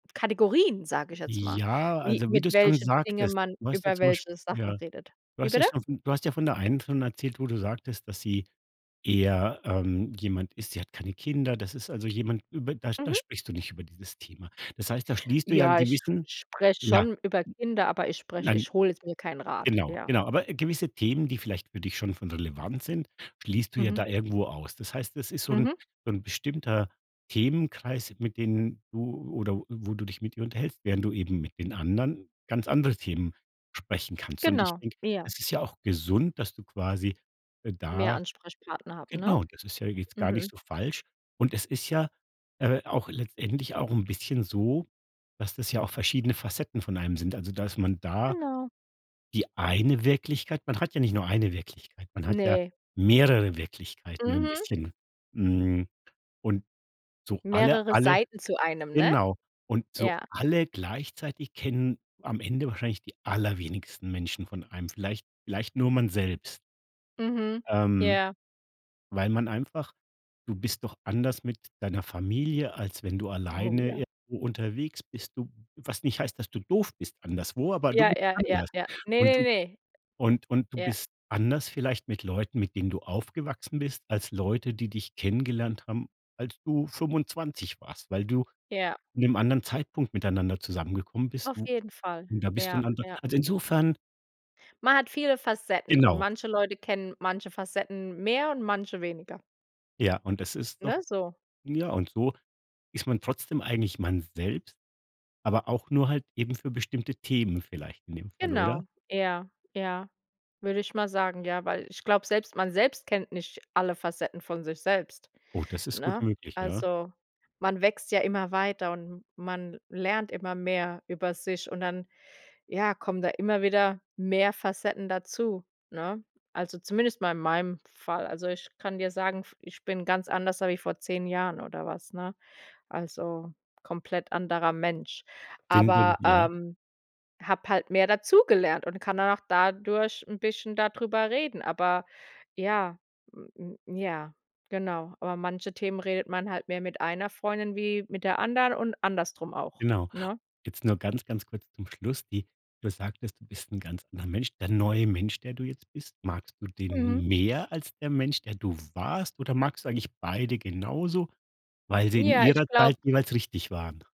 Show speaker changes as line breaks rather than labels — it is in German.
Kategorien, sage ich jetzt mal,
Ja,
wie
also wie
mit
du's schon
welche Dinge
sagtest
man
du hast ja
über
zum Beispiel
welche Sachen
ja?
redet.
Du
Wie
hast ja
bitte?
schon du hast ja von der einen schon erzählt, wo du sagtest, dass sie eher, ähm, jemand ist sie hat keine Kinder das ist also jemand über da da
Mhm.
sprichst du nicht über dieses Thema. Das heißt, da schließt du ja 'n
Ja, ich sch
gewissen
ich spreche
ja
schon über Kinder, aber ich
n n
spreche
nein,
ich hole jetzt mir keinen Rat,
genau
ja.
genau. Aber, äh, gewisse Themen, die vielleicht für dich schon von Relevanz sind, schließt du ja
Mhm.
da irgendwo aus. Das heißt, das ist so 'n
Mhm.
so 'n bestimmter Themenkreis, mit denen du oder wo du dich mit ihr unterhältst, während du eben mit den anderen ganz andere Themen besprechen kannst. Und ich
Genau,
denke,
ja.
es ist ja auch gesund, dass du quasi, äh,
Mehr
da
Ansprechpartner hatten, ne?
genau, das ist ja jetzt gar nicht
Mhm.
so falsch. Und es ist ja, äh, auch letztendlich auch 'n bisschen so, dass das ja auch verschiedene Facetten von einem sind. Also, dass man da
Genau.
die eine Wirklichkeit man hat ja nicht nur eine Wirklichkeit, man hat ja
Ne.
mehrere Wirklichkeiten nur 'n
Mhm.
bisschen, mhm, und so alle,
Mehrere
alle
Seiten zu einem, ne?
genau. Und so
Ja.
alle gleichzeitig kennen am Ende wahrscheinlich die allerwenigsten Menschen von einem. Vielleicht vielleicht nur man selbst
Mhm,
ähm,
ja.
weil man einfach du bist doch anders mit deiner Familie, als wenn du
Oh,
alleine
ja.
irgendwo unterwegs bist. Du was nicht heißt, dass du doof bist anderswo, aber du
Ja,
bist
ja, ja,
anders.
ja. Ne,
Und
ne,
du
ne.
und und du
Ja.
bist anders vielleicht mit Leuten, mit denen du aufgewachsen bist, als Leute, die dich kennengelernt haben, als du 25 warst, weil du
Ja.
in 'nem anderen Zeitpunkt miteinander zusammengekommen bist,
Auf
w
jeden Fall,
und da bist du
ja,
ein anderer
ja.
also, insofern
Man hat viele Facetten und
Genau.
manche Leute kennen manche Facetten mehr und manche weniger.
Ja, und es ist
Ne,
doch
so.
ja, und so ist man trotzdem eigentlich man selbst, aber auch nur halt eben für bestimmte Themen vielleicht in dem Fall, oder?
Genau, eher ja, würde ich mal sagen, ja, weil ich glaube, selbst man selbst kennt nicht alle Facetten von sich selbst,
Oh, das ist gut
ne?
möglich, ja.
Also, man wächst ja immer weiter und man lernt immer mehr über sich und dann, ja, kommen da immer wieder mehr Facetten dazu, ne? Also zumindest mal in meinem Fall. Also, ich kann dir sagen, f ich bin ganz anders als wie vor 10 Jahren oder was, ne? Also komplett anderer Mensch,
[unintelligible]
aber,
ja?
ähm, habe halt mehr dazugelernt und kann dann auch dadurch 'n bisschen da drüber reden. Aber ja, m m ja, genau. Über manche Themen redet man halt mehr mit einer Freundin wie mit der anderen und andersrum auch,
Genau.
ne?
Jetzt nur ganz, ganz kurz zum Schluss, die du sagtest, du bist 'n ganz anderer Mensch. Der neue Mensch, der du jetzt bist, magst du
Mhm.
den mehr als der Mensch, der du warst oder magst du eigentlich beide genauso, weil sie in
Ja, ich
ihrer Zeit
glaube
jeweils richtig waren?